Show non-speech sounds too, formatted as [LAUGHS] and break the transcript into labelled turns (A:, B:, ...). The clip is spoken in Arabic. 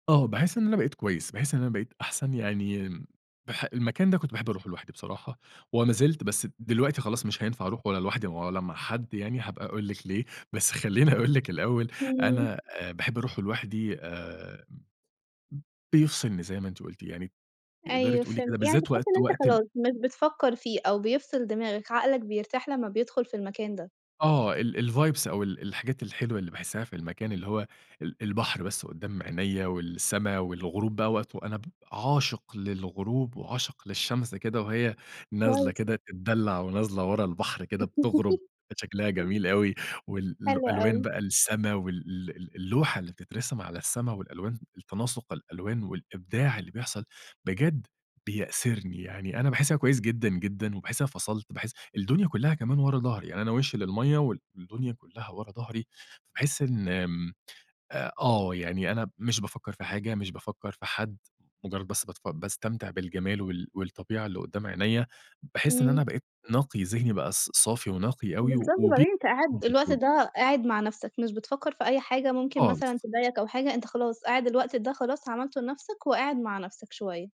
A: آه، باحس إن أنا بقيت كويس، باحس إن أنا بقيت أحسن يعني آمم، باح المكان ده كنت باحب أروحه لوحدي بصراحة وما زلت بس د دلوقتي خلاص مش هينفع أروحه ولا لوحدي ولا مع حد يعني هابقى أقول لِك ليه، بس خلّيني أقول لِك الأول
B: إمم.
A: أنا آآ باحب أروحه لوحدي آآ م بيفصلني زي ما أنتِ قُلتِ يعني تقدري
B: أيوه
A: تقُولي
B: فهمت،
A: كده
B: يعني
A: بالذات
B: بتحس إن
A: وقت
B: أنت
A: وقت ال
B: خلاص مش بتفكر فيه أو بيفصل دماغك، عقلك بيرتاح لمّا بيدخل في المكان ده.
A: آه ال الvibes أو ال الحاجات الحلوة اللي باحسها في المكان اللي هو ال البحر بس قدّام عينيَّ والسما والغروب بقى وقته أنا ب عاشق للغروب وعاشق للشمس كده وهي نازلة
B: كويس.
A: كده تدّلع ونازلة ورا البحر كده بتغرب
B: [LAUGHS]
A: كان شكلها جميل أوي وال ال
B: حلو
A: الألوان
B: أوي.
A: بقى السما وال ال اللوحة اللي بتترسم على السما والألوان التناسق الألوان والإبداع اللي بيحصل بجد بيأسرني يعني أنا باحسها كويس جدًا جدًا وباحس إن أنا فصلت، باحس الدنيا كلّها كمان ورا ضهري يعني أنا وشي للمَيَّة والدنيا كلّها ورا ضهري فباحس إن آمم، آآ آه يعني أنا مش بافكر في حاجة، مش بافكر في حد، مجرد بس باتف باستمتع بالجمال وال والطبيعة اللي قدّام عينيَّ، باحس إن أنا
B: إمم.
A: بقيت نقي، ذهني بقى ص صافي ونقي أوي و
B: بالضبط
A: وب
B: وبعدين أنت قاعد الوقت
A: [UNINTELLIGIBLE]
B: ده قاعد مع نفسك، مش بتفكر في أي حاجة ممكن مثلًا
A: خالص.
B: تضايقك أو حاجة، أنت خلاص قاعد الوقت ده خلاص عملته لنفسك وقاعد مع نفسك شوية.